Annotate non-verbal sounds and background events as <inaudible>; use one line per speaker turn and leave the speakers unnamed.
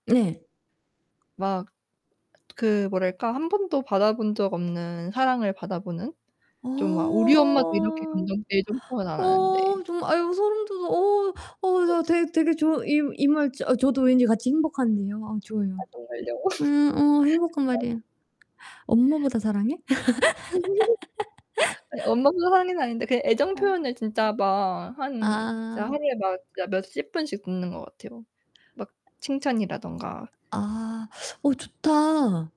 네.
막 그 뭐랄까 한번도 받아 본 적 없는 사랑을 받아 보는? 좀 막 우리 엄마도 이렇게
어.
감정표현 애정표현 안 하는데.
어 정말 아이고 소름 돋아. 어
<unintelligible>
어 되 되게 좋아 이 이 말 저도 왠지 같이 행복한데요. 아,
아
좋아요.
정말요? <laughs> 그쵸.
음 어 행복한 말이에요. 엄마보다 사랑해? <laughs>
<laughs> 아 예. 엄마가 <unintelligible> 아닌데 그냥
아.
애정표현을 진짜 막 한 진짜
아.
하루에 막 몇십번씩 듣는 것 같아요. 막 칭찬이라든가.
아 어 좋다.